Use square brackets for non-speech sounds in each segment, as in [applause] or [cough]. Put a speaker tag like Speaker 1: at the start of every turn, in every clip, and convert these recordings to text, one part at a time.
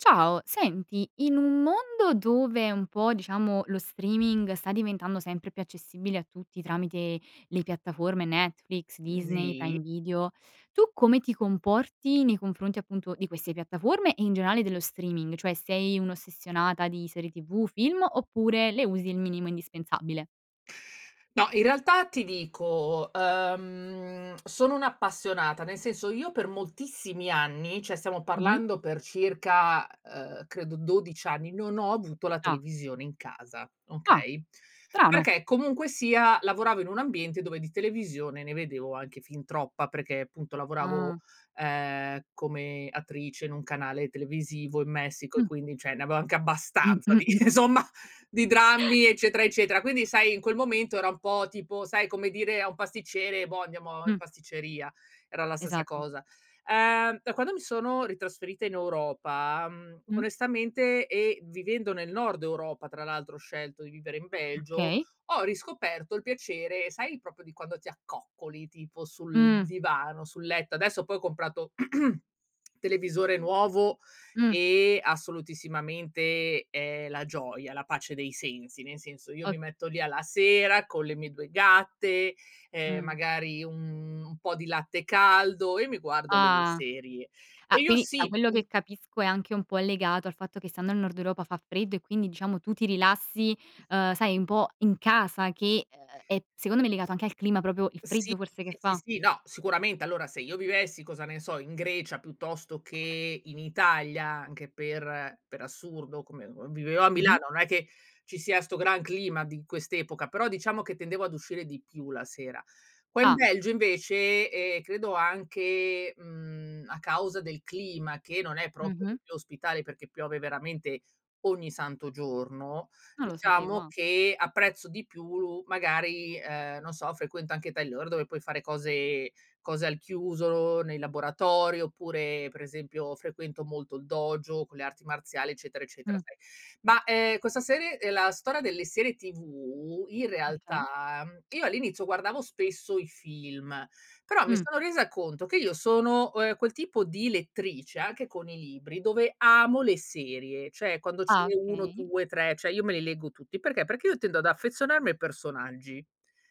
Speaker 1: Ciao. Senti, in un mondo dove un po', diciamo, lo streaming sta diventando sempre più accessibile a tutti tramite le piattaforme Netflix,
Speaker 2: Mh
Speaker 1: Disney,
Speaker 2: sì.
Speaker 1: Prime Video, tu come ti comporti nei confronti appunto di queste piattaforme, e in generale dello streaming? Cioè sei un'ossessionata di serie TV, film, oppure le usi il minimo indispensabile?
Speaker 2: No, in realtà ti dico, uhm, sono un'appassionata. Nel senso io per moltissimi anni, cioè stiamo
Speaker 1: Mh-mh.
Speaker 2: parlando per circa, ehm, credo 12 anni, non ho avuto la
Speaker 1: Ah.
Speaker 2: televisione in casa,
Speaker 1: Ah.
Speaker 2: okay?
Speaker 1: Strano!
Speaker 2: Perché comunque sia lavoravo in un ambiente dove di televisione ne vedevo anche fin troppa, perché appunto lavoravo,
Speaker 1: Ah.
Speaker 2: ehm, come attrice in un canale televisivo in Messico, e
Speaker 1: Mh.
Speaker 2: quindi cioè ne avevo anche abbastanza di,
Speaker 1: [chuckles]
Speaker 2: insomma, di drammi, eccetera, eccetera. Quindi sai in quel momento era un po', tipo sai come dire a un pasticcere: "Boh, andiamo in
Speaker 1: Mh.
Speaker 2: pasticceria," era la stessa
Speaker 1: Esatto.
Speaker 2: cosa. Uhm, da quando mi sono ritrasferita in Europa, mhmm,
Speaker 1: Mh.
Speaker 2: onestamente e vivendo nel nord Europa tra l'altro, ho scelto di vivere in Belgio,
Speaker 1: Okay.
Speaker 2: ho riscoperto il piacere sai proprio di quando ti accoccoli tipo sul
Speaker 1: Mh.
Speaker 2: divano, sul letto. Adesso poi ho comprato [clears throat] televisore nuovo,
Speaker 1: Mh.
Speaker 2: e assolutissimamente è la gioia, la pace dei sensi, nel senso io
Speaker 1: O
Speaker 2: mi metto lì alla sera con le mie 2 gatte, ehm,
Speaker 1: Mh.
Speaker 2: magari un un po' di latte caldo e mi guardo le mie
Speaker 1: Ah.
Speaker 2: serie.
Speaker 1: Ah,
Speaker 2: E io
Speaker 1: quindi da
Speaker 2: sì,
Speaker 1: quello
Speaker 2: mhmm
Speaker 1: che capisco è anche un po' legato al fatto che stando al nord Europa fa freddo, e quindi diciamo tu ti rilassi, uhm, sai un po' in casa che, ehm, è secondo me legato anche al clima, proprio il
Speaker 2: Sì,
Speaker 1: freddo forse che
Speaker 2: sì, sì,
Speaker 1: fa?
Speaker 2: sì, no, sicuramente. Allora, se io vivessi, cosa ne so, in Grecia piuttosto che in Italia anche per per assurdo, come, uhm, vivevo a
Speaker 1: Mh-mh.
Speaker 2: Milano, non è che ci sia 'sto gran clima di quest'epoca, però diciamo che tendevo ad uscire di più la sera. Qua in
Speaker 1: Ah.
Speaker 2: Belgio invece, e credo anche, mhmm, a causa del clima che non è proprio
Speaker 1: Mh-mh.
Speaker 2: dei più ospitali perché piove veramente ogni santo giorno,
Speaker 1: Non lo sapevo,
Speaker 2: diciamo
Speaker 1: ah.
Speaker 2: che apprezzo di più lu magari ehm, non so frequento anche [unintelligible] dove puoi fare cose cose al chiuso, nei laboratori, oppure per esempio frequento molto il dojo con le arti marziali, eccetera, eccetera,
Speaker 1: Mh.
Speaker 2: sai.
Speaker 1: Mh.
Speaker 2: Ma, ehm, questa serie ehm, la storia delle serie TV in
Speaker 1: Okay.
Speaker 2: realtà, mhmm, io all'inizio guardavo spesso i film, però mi
Speaker 1: Mh.
Speaker 2: sono resa conto che io sono, o ehm, quel tipo di lettrice, anche con i libri, dove amo le serie, cioè quando ce
Speaker 1: Ah,
Speaker 2: n'è uno,
Speaker 1: okay.
Speaker 2: due, tre, cioè io me li leggo tutti, perché? Perché io tendo ad affezionarmi ai personaggi.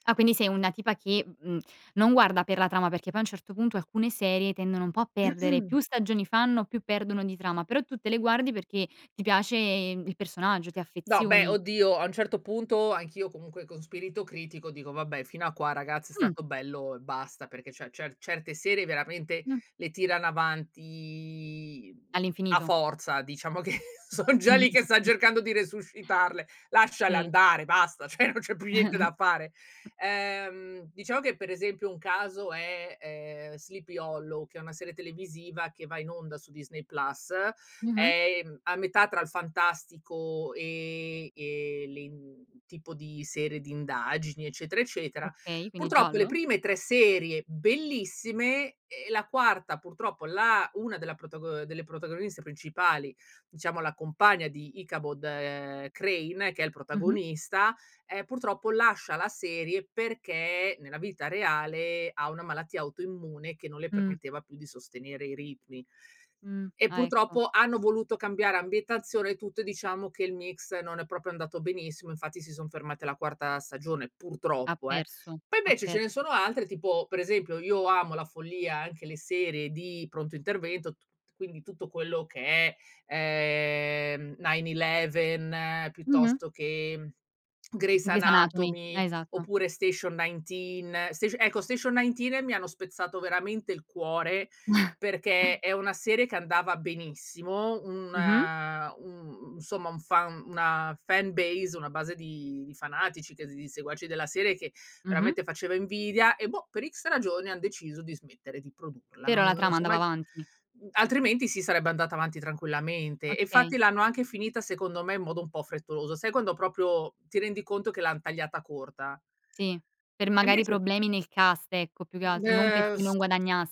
Speaker 1: Ah quindi sei una tipa che, mhmm, mhmm, non guarda per la trama, perché poi a un certo punto alcune serie tendono un po' a perdere, più
Speaker 2: [clears throat]
Speaker 1: stagioni fanno più perdono di trama, però tu te le guardi perché ti piace, mhmm, il personaggio, ti
Speaker 2: No beh,
Speaker 1: affezioni.
Speaker 2: oddio, a un certo punto anch'io comunque con spirito critico dico: "Vabbè fino a qua ragazzi è
Speaker 1: Mh.
Speaker 2: stato bello e basta," perché cioè cer certe serie veramente
Speaker 1: Mh.
Speaker 2: le tirano avanti, mhmm, a
Speaker 1: All'infinito.
Speaker 2: forza diciamo che sono già lì che stan
Speaker 1: [chuckles]
Speaker 2: cercando di resuscitarle, lasciale
Speaker 1: Sì.
Speaker 2: andare, basta, cioè non c'è più niente da fare.
Speaker 1: [chuckles]
Speaker 2: Ehm, diciamo che per esempio un caso è, ehm, Sleepy Hollow che è una serie televisiva che va in onda su Disney Plus,
Speaker 1: Mh-mh.
Speaker 2: è, mhmm, a metà tra il fantastico e e le i mhmm, tipo di serie di indagini, eccetera, eccetera.
Speaker 1: Okay, quindi
Speaker 2: Purtroppo le
Speaker 1: giallo.
Speaker 2: prime 3 serie bellissime, e la quarta purtroppo la una della protago ehm, delle protagoniste principali, diciamo la compagna di Ichabod, ehm, Crane, che è il
Speaker 1: Mh-mh.
Speaker 2: protagonista, ehm, purtroppo lascia la serie perché nella vita reale ha una malattia autoimmune che non le
Speaker 1: Mh.
Speaker 2: permetteva più di sostenere i ritmi.
Speaker 1: Mh,
Speaker 2: E
Speaker 1: ah ecco.
Speaker 2: purtroppo hanno voluto cambiare ambientazione e tutto, e diciamo che il mix non è proprio andato benissimo, infatti si son fermati alla quarta stagione,
Speaker 1: Ha
Speaker 2: purtroppo eh.
Speaker 1: perso,
Speaker 2: Poi
Speaker 1: ha
Speaker 2: invece ce ne
Speaker 1: perso.
Speaker 2: sono altre, tipo per esempio io amo alla follia anche le serie di pronto intervento, tut quindi tutto quello che è, ehm, 911
Speaker 1: Mh-mh.
Speaker 2: piuttosto che, mhmm, Grey's
Speaker 1: Grey's anatomy,
Speaker 2: anatomy,
Speaker 1: ah esatto.
Speaker 2: oppure Station 19. Station ecco Station 19 mi hanno spezzato veramente il cuore
Speaker 1: [chuckles]
Speaker 2: perché è una serie che andava benissimo,
Speaker 1: Mh-mh.
Speaker 2: una un u insomma un fan una fanbase, una base di di fanatici che s di seguaci della serie, che
Speaker 1: Mh-mh.
Speaker 2: veramente faceva invidia e boh, per X ragioni han deciso di smettere di produrla, non
Speaker 1: Però la
Speaker 2: non
Speaker 1: trama
Speaker 2: si è
Speaker 1: andava
Speaker 2: mai
Speaker 1: avanti.
Speaker 2: mhmm, altrimenti sì sarebbe andata avanti tranquillamente, e
Speaker 1: Okay.
Speaker 2: infatti l'hanno anche finita secondo me in modo un po' frettoloso. Sai quando proprio ti rendi conto che l'han tagliata corta?
Speaker 1: Sì, per
Speaker 2: E
Speaker 1: magari
Speaker 2: invece
Speaker 1: problemi nel cast, ecco, più che
Speaker 2: De
Speaker 1: altro, non perché
Speaker 2: f
Speaker 1: non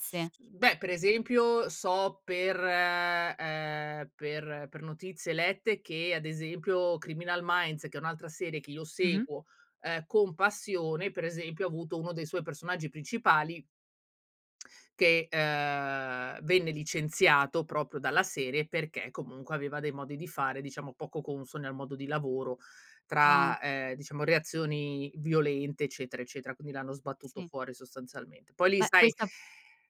Speaker 2: f mmhm, beh per esempio so per, ehm, per per notizie lette che ad esempio Criminal Minds che è un'altra serie chi io
Speaker 1: Mh-mh.
Speaker 2: seguo, ehm, con passione, per esempio ha avuto uno dei suoi personaggi principali che, uhm, venne licenziato proprio dalla serie perché comunque aveva dei modi di fare diciamo poco consoni al modo di lavoro
Speaker 1: Ah.
Speaker 2: tra, ehm, diciamo reazioni violente, eccetera, eccetera. Quindi l'hanno sbattuto
Speaker 1: Sì.
Speaker 2: fuori sostanzialmente. Poi lì
Speaker 1: Beh,
Speaker 2: sai,
Speaker 1: questa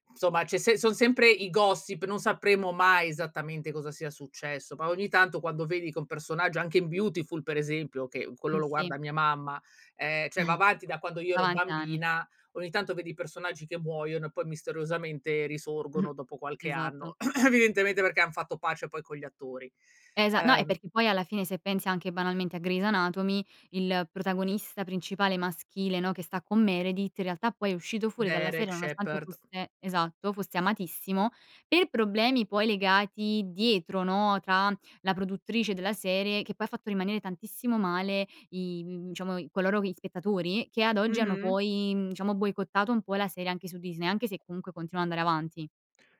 Speaker 2: insomma c'è sem son sempre i gossip, non sapremo mai esattamente cosa sia successo, ba ogni tanto quando vedi che un personaggio anche in Beautiful per esempio, che quello
Speaker 1: Mh,
Speaker 2: lo
Speaker 1: sì.
Speaker 2: guarda mia mamma, ehm, cioè va
Speaker 1: [chuckles]
Speaker 2: avanti da quando io
Speaker 1: Va
Speaker 2: ero
Speaker 1: avanti da anni.
Speaker 2: bambina, ogni tanto vedi i personaggi che muoiono e poi misteriosamente
Speaker 1: [chuckles]
Speaker 2: risorgono dopo qualche
Speaker 1: Esatto.
Speaker 2: anno. [clears throat] Evidentemente perché han fatto pace poi con gli attori.
Speaker 1: Esa no, e
Speaker 2: Uhm
Speaker 1: perché poi alla fine se pensi anche banalmente a Grey's anatomy, il protagonista principale maschile, no, che sta con Meredith, in realtà poi è uscito fuori dalla
Speaker 2: Derek
Speaker 1: serie nonostante
Speaker 2: Shepherd.
Speaker 1: fosse esatto, fosse amatissimo, per problemi poi legati dietro, no, tra la produttrice della serie che poi ha fatto rimanere tantissimo male i, mhmm, diciamo i coloro gli spettatori, che ad oggi hanno
Speaker 2: Mh-mh.
Speaker 1: poi, mhmm, diciamo boicottato un po' la sere anche su Disney, anche se comunque continua ad andare avanti.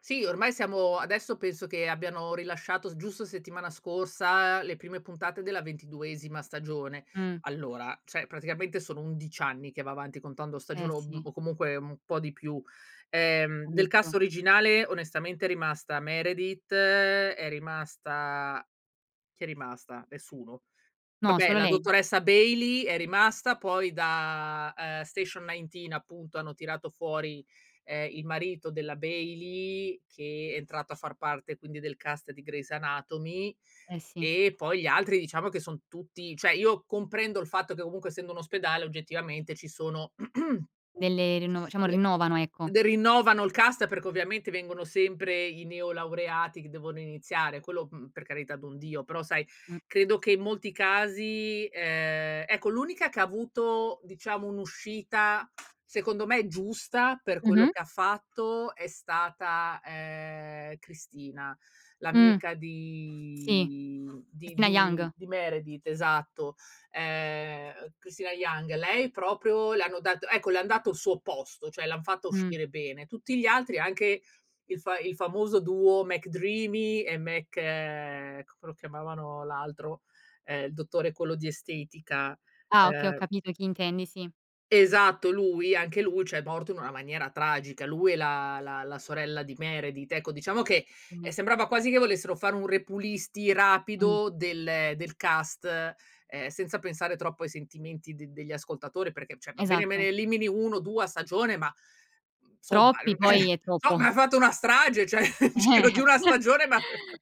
Speaker 2: Sì, ormai siamo adesso penso che abbiano rilasciato s giusto settimana scorsa le prime puntate della ventiduesima stagione.
Speaker 1: Mh.
Speaker 2: Allora, cioè praticamente sono 11 anni che va avanti, contando
Speaker 1: Eh
Speaker 2: stagione, o m
Speaker 1: sì.
Speaker 2: o comunque un po' di più. Ehm,
Speaker 1: È
Speaker 2: del cast
Speaker 1: ricco.
Speaker 2: originale onestamente è rimasta Meredith, è rimasta chi è rimasta? Nessuno.
Speaker 1: No,
Speaker 2: Vabbè,
Speaker 1: solo
Speaker 2: la
Speaker 1: lei.
Speaker 2: dottoressa Bailey è rimasta, poi da, uhm, Station 19 appunto hanno tirato fuori, ehm, il marito della Bailey che è entrato a far parte quindi del cast di Grey's anatomy,
Speaker 1: Eh sì.
Speaker 2: e poi gli altri diciamo che son tutti cioè io comprendo il fatto che ovunque essendo un ospedale oggettivamente ci sono [clears throat]
Speaker 1: Delle rinno diciamo
Speaker 2: le
Speaker 1: rinnovano, ecco.
Speaker 2: de rinnovano il cast perché ovviamente vengono sempre i neolaureati che devono iniziare, quello, mhmm, per carità d'un Dio, però sai
Speaker 1: Mh.
Speaker 2: credo che in molti casi ehm, ecco, l'unica che ha avuto diciamo un'uscita secondo me giusta per quello
Speaker 1: Mh-mh.
Speaker 2: che ha fatto è stata, ehm, Cristina,
Speaker 1: Mh.
Speaker 2: l'amica
Speaker 1: Sì.
Speaker 2: di di
Speaker 1: Cristina
Speaker 2: di
Speaker 1: Yang.
Speaker 2: di Meredith, esatto, ehm, uhm, Cristina Yang. Lei proprio le hanno dato ecco le han dato il suo posto, cioè l'han fatta
Speaker 1: Mh.
Speaker 2: uscire bene. Tutti gli altri, anche il fa il famoso duo McDreamy e Mc c come lo chiamavano l'altro? Ehm, il dottore quello di estetica,
Speaker 1: Ah, okay, ho
Speaker 2: ehm
Speaker 1: capito chi intendi, sì.
Speaker 2: Esatto lui, anche lui ciòè morto in una maniera tragica. Lui e la la la sorella di Meredith, ecco diciamo che, ehm,
Speaker 1: Mh-mh.
Speaker 2: sembrava quasi che volessero fare un repulisti
Speaker 1: Mh.
Speaker 2: rapido del del cast, ehm, senza pensare troppo ai sentimenti d degli ascoltatori, perché cioè va bene me ne
Speaker 1: Esatto.
Speaker 2: elimini 1 o 2 a stagione ma, mhmm, insomma
Speaker 1: Troppi poi
Speaker 2: eh
Speaker 1: è troppo.
Speaker 2: somma hai
Speaker 1: [chuckles]
Speaker 2: fatto una strage cioè [laughs] nel
Speaker 1: Eh,
Speaker 2: giro di
Speaker 1: eh.
Speaker 2: una
Speaker 1: [chuckles]
Speaker 2: stagione ma [laughs]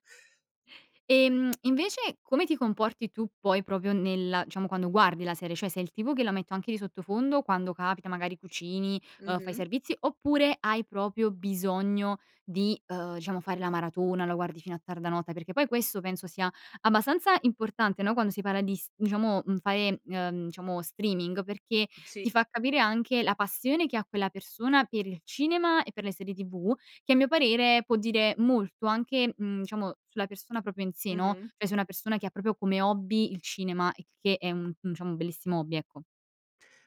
Speaker 1: Ehm, invece come ti comporti tu poi proprio nella diciamo quando guardi la serie? Cioè sei il tipo che la metto anche di sottofondo, quando capita, magari cucini, uhm, fai
Speaker 2: Mh-mh.
Speaker 1: servizi, oppure hai proprio bisogno di, uhm, diciamo fare la maratona, la guardi fino a tarda notte? Perché poi questo penso sia abbastanza importante, no, quando si parla di s diciamo, mhmm, fare, uhm, diciamo streaming, perché
Speaker 2: Sì.
Speaker 1: ti fa capire anche la passione che ha quella persona per il cinema e per le serie TV, che a mio parere può dire molto anche, mhmm, diciamo sulla persona proprio in sé, no,
Speaker 2: Mh-mh.
Speaker 1: cioè se è una persona che ha proprio come hobby il cinema, il che è un un diciamo un bellissimo hobby, ecco.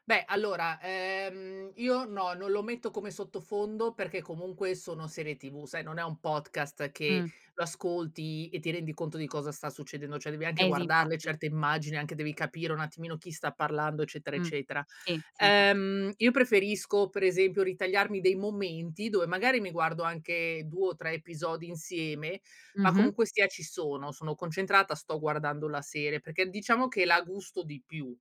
Speaker 2: Beh allora, ehm, io no, non lo metto come sottofondo perché comunque sono serie TV, sai non è un podcast che
Speaker 1: Mh.
Speaker 2: lo ascolti e ti rendi conto di cosa sta succedendo, cioè devi anche
Speaker 1: Eh sì,
Speaker 2: guardarle
Speaker 1: infatti.
Speaker 2: certe immagini anche, devi capire un attimino chi sta parlando, eccetera,
Speaker 1: Mh,
Speaker 2: eccetera.
Speaker 1: sì, sì infatti.
Speaker 2: Ehm, io preferisco per esempio ritagliarmi dei momenti dove magari mi guardo anche 2 o 3 episodi insieme, ma
Speaker 1: Mh-mh.
Speaker 2: comunque sia ci sono, sono concentrata, sto guardando la serie, perché diciamo che la gusto di più.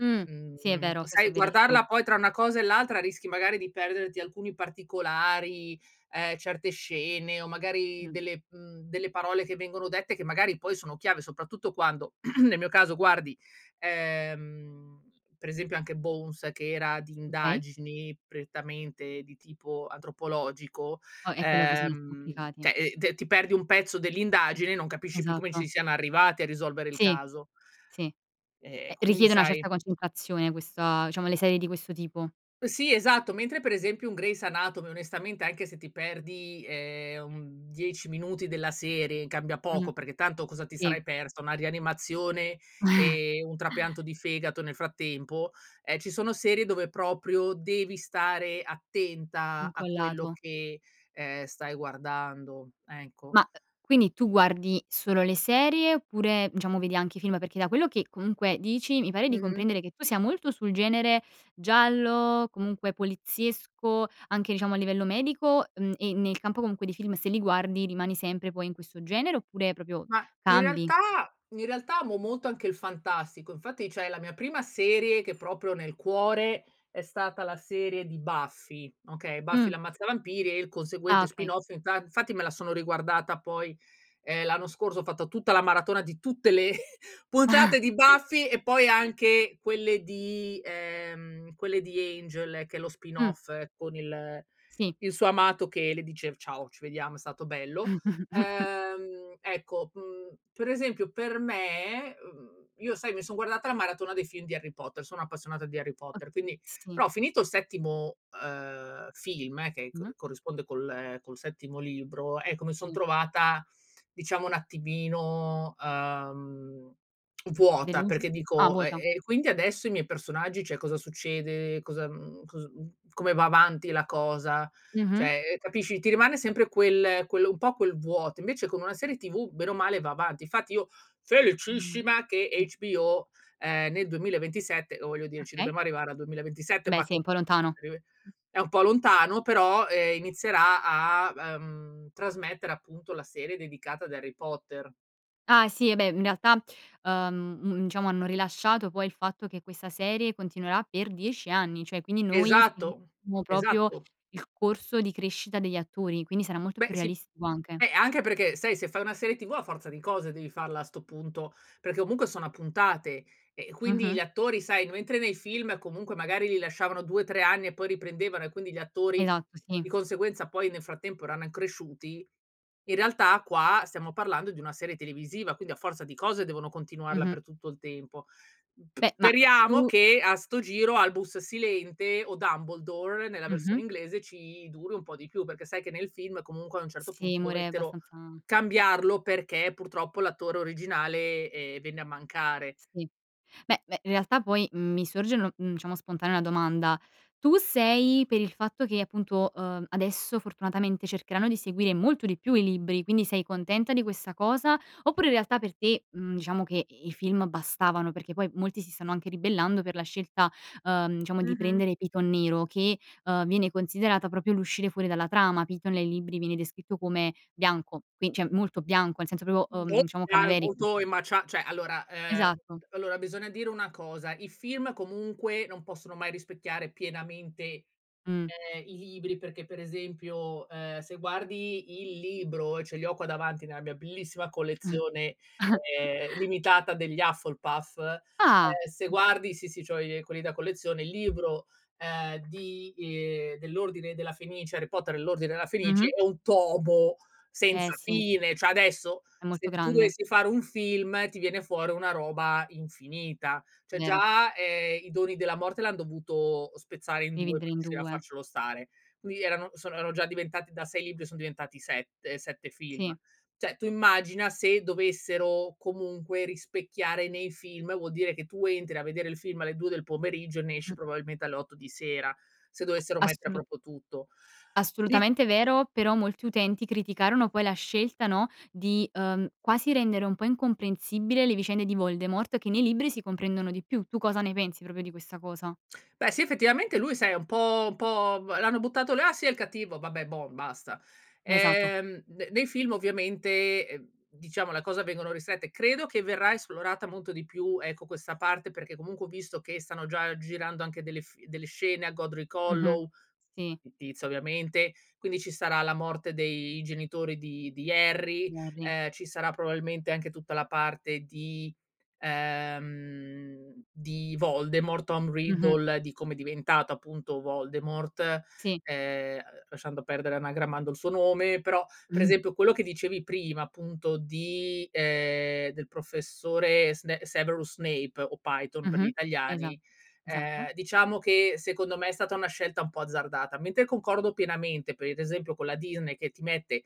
Speaker 1: Mh, sì è
Speaker 2: Mhmm,
Speaker 1: vero. Questo
Speaker 2: sai
Speaker 1: è verissimo.
Speaker 2: guardarla poi tra una cosa e l'altra rischi magari di perderti alcuni particolari, ehm, certe scene o magari
Speaker 1: Mh.
Speaker 2: delle, mhmm, delle parole che vengono dette che magari poi sono chiave, soprattutto quando [clears throat] nel mio caso guardi, ehm, per esempio anche Bones che era di
Speaker 1: Okay.
Speaker 2: indagini prettamente di tipo antropologico,
Speaker 1: Oh, eh quello bisogna essere
Speaker 2: uhm,
Speaker 1: applicati.
Speaker 2: cioè, ehm, e ti perdi un pezzo dell'indagine e non capisci più come ci
Speaker 1: Esatto.
Speaker 2: siano arrivati a risolvere il
Speaker 1: Sì.
Speaker 2: caso.
Speaker 1: Sì.
Speaker 2: E
Speaker 1: Ehm,
Speaker 2: quindi,
Speaker 1: richiede una
Speaker 2: sai
Speaker 1: certa concentrazione questa diciamo le serie di questo tipo.
Speaker 2: Sì esatto. Mentre per esempio un Grey's anatomy onestamente anche se ti perdi, ehm, un 10 minuti della serie, cambia
Speaker 1: Mh.
Speaker 2: poco, perché tanto cosa ti
Speaker 1: Sì.
Speaker 2: sarai persa, una rianimazione
Speaker 1: [chuckles]
Speaker 2: e un trapianto di fegato nel frattempo? Ehm, ci sono serie dove proprio devi stare attenta a quello
Speaker 1: Incollato.
Speaker 2: che, ehm, stai guardando, ecco.
Speaker 1: Ma, uhm, quindi tu guardi solo le serie oppure diciamo vedi anche i film? Perché, da quello che comunque dici, mi pare di
Speaker 2: Mh-mh.
Speaker 1: comprendere che tu sia molto sul genere giallo, comunque poliziesco, anche diciamo a livello medico, mhmm, e nel campo comunque dei film, se li guardi rimani sempre poi in questo genere, oppure proprio
Speaker 2: Ma in
Speaker 1: cambi?
Speaker 2: realtà in realtà amo molto anche il fantastico. Infatti cioè la mia prima serie che è proprio nel cuore è stata la serie di Buffy, okay, Buffy
Speaker 1: Mh.
Speaker 2: L'Ammazzavampiri, e il
Speaker 1: Ah
Speaker 2: conseguente
Speaker 1: okay.
Speaker 2: spin off. Inta infatti me la sono riguardata poi, ehm, l'anno scorso, ho fatto tutta la maratona di tutte le [chuckles]
Speaker 1: [chuckles]
Speaker 2: puntate di Buffy e poi anche quelle di, ehm, quelle di Angel che è lo spin
Speaker 1: Mh.
Speaker 2: off con il
Speaker 1: Sì.
Speaker 2: il suo amato che le dice: "Ciao, ci vediamo, è stato bello."
Speaker 1: [chuckles]
Speaker 2: Ehm, ecco, mhmm, per esempio per me uhm, io sai mi son guardata la maratona dei film di Harry Potter, sono appassionata di Harry
Speaker 1: O
Speaker 2: Potter, quindi
Speaker 1: sì.
Speaker 2: però finito il settimo, uhm, film che
Speaker 1: Mh-mh.
Speaker 2: co corrisponde col col settimo libro, ecco mi son
Speaker 1: Sì.
Speaker 2: trovata diciamo un attimino, uhm, vuota
Speaker 1: Delusa?
Speaker 2: perché
Speaker 1: Ah
Speaker 2: dico: "E
Speaker 1: vuota.
Speaker 2: e quindi adesso ai miei personaggi cioè cosa succede? Cosa, mhmm, cos mhmm, come va avanti la cosa?"
Speaker 1: Mh-mh.
Speaker 2: Cioè, ehm, capisci, ti rimane sempre quel quello un po' quel vuoto, invece con una serie TV bene o male va avanti. Infatti io
Speaker 1: 1,
Speaker 2: felicissima che
Speaker 1: sì.
Speaker 2: HBO, ehm, nel 2027 o voglio dire ci
Speaker 1: Okay.
Speaker 2: dobbiamo arrivare al
Speaker 1: Eh
Speaker 2: 2027,
Speaker 1: beh,
Speaker 2: ma
Speaker 1: sì è un po' lontano.
Speaker 2: [unintelligible] è un po' lontano però, ehm, inizierà a uhm, trasmettere appunto la serie dedicata ad Harry Potter.
Speaker 1: Ah sì, eh beh, mhmm, in realtà, uhm, un diciamo hanno rilasciato poi il fatto che questa serie continuerà per 10 anni! Cioè quindi noi
Speaker 2: Esatto,
Speaker 1: seguiremo proprio
Speaker 2: esatto.
Speaker 1: il corso di crescita degli attori, quindi sarà molto
Speaker 2: Beh
Speaker 1: più
Speaker 2: si
Speaker 1: realistico anche.
Speaker 2: eh, anche perché sai se fai una serie TV a forza di cose devi farla a 'sto punto, perché comunque sono a puntate, e quindi
Speaker 1: Mh-mh.
Speaker 2: gli attori sai, mentre nei film comunque magari li lasciavano 2, 3 anni e poi riprendevano, e quindi gli attori
Speaker 1: Esatto, sì.
Speaker 2: di conseguenza poi nel frattempo erano an cresciuti, in realtà qua stiamo parlando di una serie televisiva, quindi a forza di cose devono continuarla
Speaker 1: Mh-mh.
Speaker 2: per tutto il tempo. P
Speaker 1: Beh, ma
Speaker 2: speriamo
Speaker 1: tu
Speaker 2: che a 'sto giro Albus Silente, o Dumbledore nella
Speaker 1: Mh-mh.
Speaker 2: versione inglese, ci duri un po' di più, perché sai che nel film comunque a un certo
Speaker 1: Sì,
Speaker 2: punto
Speaker 1: muore
Speaker 2: dovettero
Speaker 1: abbastanza
Speaker 2: cambiarlo perché purtroppo l'attore originale, ehm, venne a mancare.
Speaker 1: Sì. Beh, beh, in realtà poi, mhmm, mi sorge nor mhmm, diciamo spontanea una domanda. Tu sei per il fatto che appunto, uhm, adesso fortunatamente cercheranno di seguire molto di più i libri, quindi sei contenta di questa cosa? Oppure in realtà per te, mhmm, diciamo che i i film bastavano? Perché poi molti si stanno anche ribellando per la scelta, uhm, diciamo di
Speaker 2: Mh-mh.
Speaker 1: prendere Piton nero che, uhm, viene considerata proprio l'uscire fuori dalla trama. Piton nel libri viene descritto come bianco, quin cioè molto bianco, nel senso proprio,
Speaker 2: Mhmm,
Speaker 1: uhm,
Speaker 2: boh
Speaker 1: diciamo cadaverico.
Speaker 2: [unintelligible] ma c'ha cioè allora, ehm,
Speaker 1: Esatto.
Speaker 2: allora bisogna dire una cosa, i film comunque non possono mai rispecchiare pienamente,
Speaker 1: Mh.
Speaker 2: ehm, i libri perché per esempio, ehm, se guardi il libro, ce li ho qua davanti nella mia bellissima collezione,
Speaker 1: [chuckles]
Speaker 2: ehm, limitata degli Hufflepuff, ehm,
Speaker 1: Ah,
Speaker 2: se
Speaker 1: m
Speaker 2: guardi sì, sì, c'ho i ehm, quelli da collezione, il libro, ehm di, uhm, dell'Ordine Della Fenice, Harry Potter E L'ordine Della Fenice
Speaker 1: Mh-mh.
Speaker 2: è un tomo
Speaker 1: Eh
Speaker 2: senza
Speaker 1: sì.
Speaker 2: fine, cioè adesso
Speaker 1: È molto
Speaker 2: se tu
Speaker 1: grande.
Speaker 2: dovessi fare un film ti viene fuori una roba infinita. Cioè
Speaker 1: Vero.
Speaker 2: già, ehm, I Doni Della Morte l'han dovuto spezzare in 2
Speaker 1: Dividere
Speaker 2: per
Speaker 1: in
Speaker 2: riuscire a
Speaker 1: due.
Speaker 2: farcelo stare, qui erano sono erano già diventati da 6 libri, son diventati 7, 7 film.
Speaker 1: Sì.
Speaker 2: Cioè tu immagina se dovessero comunque rispecchiare nei film, vuol dire che tu entri a vedere il film alle 2 del pomeriggio e ne esci
Speaker 1: Mh.
Speaker 2: probabilmente alle 8 di sera se dovessero
Speaker 1: A
Speaker 2: mettere
Speaker 1: assolut
Speaker 2: proprio tutto. I
Speaker 1: assolutamente vero, però molti utenti criticarono poi la scelta, no, di, uhm, quasi rendere un po' incomprensibile le vicende di Voldemort, che nei libri si comprendono di più. Tu cosa ne pensi proprio di questa cosa?
Speaker 2: Beh sì, effettivamente lui sai è un po' un po' vo l'hanno buttato là, sì è il cattivo, vabbè bon, basta.
Speaker 1: Esatto.
Speaker 2: Ehm, ne nei film ovviamente, ehm, diciamo le cose vengono ristrette, credo che verrà esplorata molto di più, ecco, questa parte perché comunque ho visto che stanno già girando anche delle f delle scene a Godric
Speaker 1: Mh-mh.
Speaker 2: Hollow,
Speaker 1: Sì.
Speaker 2: fittizia ovviamente, quindi ci sarà la morte dei genitori di di Harry,
Speaker 1: Gnorri.
Speaker 2: ehm, ci sarà probabilmente anche tutta la parte di, ehm, di Voldemort, Tom
Speaker 1: Mh-mh.
Speaker 2: Riddle, di come è diventato appunto Voldemort,
Speaker 1: Sì.
Speaker 2: ehm, uhm, lasciando perdere anagrammando il suo nome, però per
Speaker 1: [chuckles]
Speaker 2: esempio quello che dicevi prima appunto di ehm, del professore Sne Severus Snape o Piton per gli
Speaker 1: Mh-mh. Esa
Speaker 2: italiani,
Speaker 1: esatto.
Speaker 2: ehm, diciamo che secondo me è stata una scelta un po' azzardata. Mentre concordo pienamente per ad esempio con la Disney che ti mette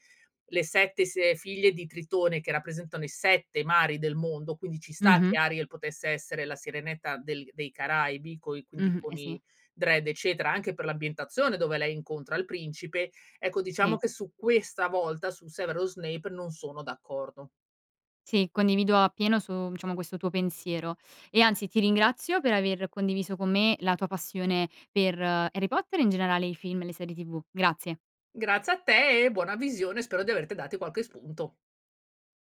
Speaker 2: le 7 si ehm, figlie di Tritone che rappresentano i 7 mari del mondo, quindi ci sta
Speaker 1: Mh-mh.
Speaker 2: che Ariel potesse essere la sirenetta del dei Caraibi coi quindi
Speaker 1: Mh-mh,
Speaker 2: con
Speaker 1: eh sì.
Speaker 2: i dread eccetera, anche per l'ambientazione dove lei incontra il principe, ecco diciamo
Speaker 1: Sì.
Speaker 2: che su questa volta, su Severus Snape, non sono d'accordo.
Speaker 1: Sì, condivido appieno su, mhmm, diciamo questo tuo pensiero, e anzi ti ringrazio per aver condiviso con me la tua passione per Harry Potter, e in generale i film e le serie TV. Grazie.
Speaker 2: Grazie a te e buona visione, spero di averti dati qualche spunto.